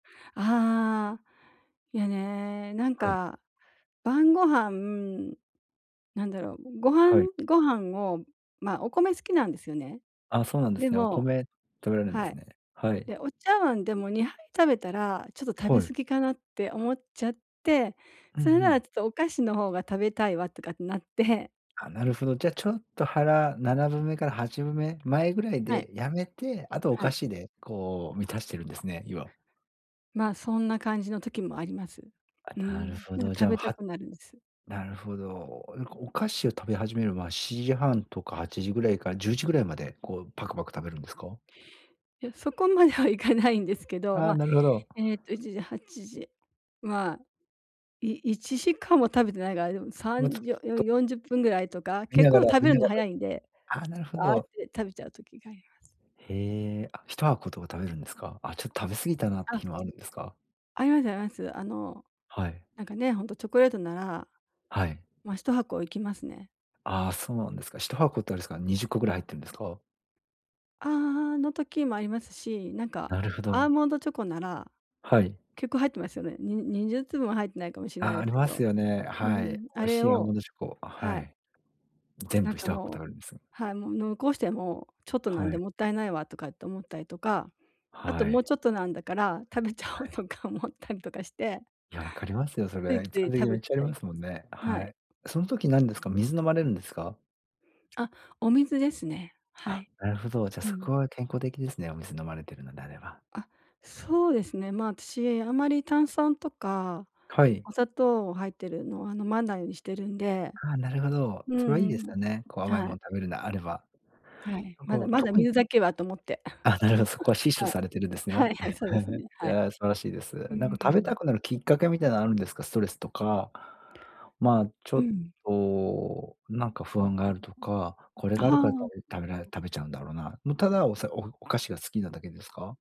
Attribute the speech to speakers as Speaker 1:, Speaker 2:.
Speaker 1: ああ、いや、ね、なん
Speaker 2: はい。
Speaker 1: か、晩御飯なんだろう、ご飯
Speaker 2: はい。
Speaker 1: ご飯をまあ、お米好きなんですよね。
Speaker 2: あ、そうなんで
Speaker 1: で
Speaker 2: すね。お
Speaker 1: も
Speaker 2: 米食べられんで
Speaker 1: は
Speaker 2: す
Speaker 1: い。
Speaker 2: ね、はい。
Speaker 1: で、お茶碗でも2杯食べたらちょっと食
Speaker 2: は
Speaker 1: べ
Speaker 2: い。
Speaker 1: 過ぎかなって思っちゃって、
Speaker 2: うんう
Speaker 1: 「それなら
Speaker 2: ん。
Speaker 1: ちょっとお菓子の方が食べたいわ」とかってなって
Speaker 2: あ、なるほど。じゃ、ちょっと腹7分目から8分目前ぐらい
Speaker 1: はい。
Speaker 2: でやめて、あと、お
Speaker 1: は
Speaker 2: 菓
Speaker 1: い。
Speaker 2: 子でこう満たしてるんですね、量。
Speaker 1: まあ、そんな感じの時もあります。
Speaker 2: あ、
Speaker 1: う
Speaker 2: なる
Speaker 1: ん、
Speaker 2: ほ
Speaker 1: なん
Speaker 2: ど、
Speaker 1: か
Speaker 2: じ
Speaker 1: 食
Speaker 2: ゃあ、
Speaker 1: べた
Speaker 2: は
Speaker 1: くなるんです。
Speaker 2: なるほど。うこ、お菓子を食べ始める、ま、7時半とか8時ぐらいから10時ぐらいまで、こう、パクパク食べるんですか？
Speaker 1: いや、そこまではいかないんですけど、
Speaker 2: ああ、
Speaker 1: ま、
Speaker 2: なるほど。
Speaker 1: えっと1時、8時、まあ、い1時間は食べてないかな、でもさ
Speaker 2: ま、ち
Speaker 1: ん
Speaker 2: ょ
Speaker 1: じよ
Speaker 2: っと
Speaker 1: 40分ぐらいとか、
Speaker 2: 見
Speaker 1: 結
Speaker 2: なが
Speaker 1: 構
Speaker 2: ら
Speaker 1: 食
Speaker 2: 見
Speaker 1: べる
Speaker 2: な
Speaker 1: の
Speaker 2: がら、
Speaker 1: 早いんで、
Speaker 2: ああ、なるほ
Speaker 1: ワーっ
Speaker 2: ど。
Speaker 1: て食べちゃう時があります。
Speaker 2: へえ、あ、1箱とか食べるんですか？あ、ちょっ、食べ過ぎたなって
Speaker 1: あ。
Speaker 2: 日もあるんですか？
Speaker 1: ありますあります。あの、
Speaker 2: はい。
Speaker 1: なんかね、ほんとチョコレートなら、
Speaker 2: はい。
Speaker 1: ま、1箱いきますね。
Speaker 2: ああ、そうなんですか。1箱ってあれっすか？20個ぐらい入ってんですか？
Speaker 1: ああ、の、時もありますし、なんか、
Speaker 2: なるほ
Speaker 1: アー
Speaker 2: ど。
Speaker 1: モンドチョコなら
Speaker 2: はい。
Speaker 1: 結構入ってますよね、に20粒も入ってないかもしなな
Speaker 2: あ、
Speaker 1: い
Speaker 2: あ
Speaker 1: す
Speaker 2: り
Speaker 1: け
Speaker 2: ます
Speaker 1: ど、
Speaker 2: よね、
Speaker 1: う
Speaker 2: はい。
Speaker 1: ん、あ
Speaker 2: 美味
Speaker 1: れ
Speaker 2: しいアーモ
Speaker 1: を
Speaker 2: ンドチョコ、は
Speaker 1: はい。
Speaker 2: い。全
Speaker 1: なん
Speaker 2: 部、ひ
Speaker 1: か、
Speaker 2: とはこ
Speaker 1: も
Speaker 2: 食
Speaker 1: う
Speaker 2: べるんです。
Speaker 1: はい、「もう、残しても、ちょっとなん
Speaker 2: は
Speaker 1: で、
Speaker 2: い。
Speaker 1: もったいないわ」とかって思ったりとか、「あと、
Speaker 2: は
Speaker 1: も
Speaker 2: い。
Speaker 1: うちょっとなんだから、食べちゃお
Speaker 2: は
Speaker 1: う」
Speaker 2: い。
Speaker 1: とか思ったりとかして
Speaker 2: いや、分かりますよ、そ
Speaker 1: つい
Speaker 2: れ、一
Speaker 1: つい
Speaker 2: 般
Speaker 1: 食
Speaker 2: 的、
Speaker 1: べ
Speaker 2: めっ
Speaker 1: ち
Speaker 2: ちゃあり
Speaker 1: ゃい
Speaker 2: ます
Speaker 1: ま
Speaker 2: もん
Speaker 1: す、
Speaker 2: ね、
Speaker 1: は
Speaker 2: は
Speaker 1: い。
Speaker 2: い。その時なんですか、水飲まれるんですか？
Speaker 1: あ、お水ですね。は
Speaker 2: あ、
Speaker 1: い。
Speaker 2: なるほど。じゃ、
Speaker 1: う
Speaker 2: そこ
Speaker 1: ん。
Speaker 2: は健康的ですね、お水飲まれてるのであれば。
Speaker 1: あ、そうですね。ま、あたし、あんまり炭酸とか、
Speaker 2: はい。
Speaker 1: お砂糖入っているのは飲まないにしてるんで。
Speaker 2: はあ、なるほど、
Speaker 1: う
Speaker 2: それはい
Speaker 1: ん
Speaker 2: い
Speaker 1: う
Speaker 2: です
Speaker 1: ん、
Speaker 2: よね。こう、甘いも
Speaker 1: は
Speaker 2: ん
Speaker 1: い。
Speaker 2: 食べるの、あれば。
Speaker 1: はい、
Speaker 2: な
Speaker 1: まだ
Speaker 2: んか、
Speaker 1: まだ
Speaker 2: 特に
Speaker 1: 水だけはと思って、
Speaker 2: あ、なるほど、そこは死 守
Speaker 1: はい。
Speaker 2: されてるんです
Speaker 1: は
Speaker 2: ね。
Speaker 1: いはい、そうです ね、
Speaker 2: い
Speaker 1: はい。
Speaker 2: や、素晴らしいです。
Speaker 1: うー
Speaker 2: なんか食べ
Speaker 1: ん。
Speaker 2: たくなるきっかけみたいなのあるんですか？ストレスとか、まあ、ちょ
Speaker 1: う
Speaker 2: っ
Speaker 1: ん。
Speaker 2: と、なんか不安があるとか、これ
Speaker 1: あ、
Speaker 2: があるから
Speaker 1: はあ。
Speaker 2: 食べ食べられ食べちゃうんだろうな。も、ただ、おさお菓子が好きなだけですか？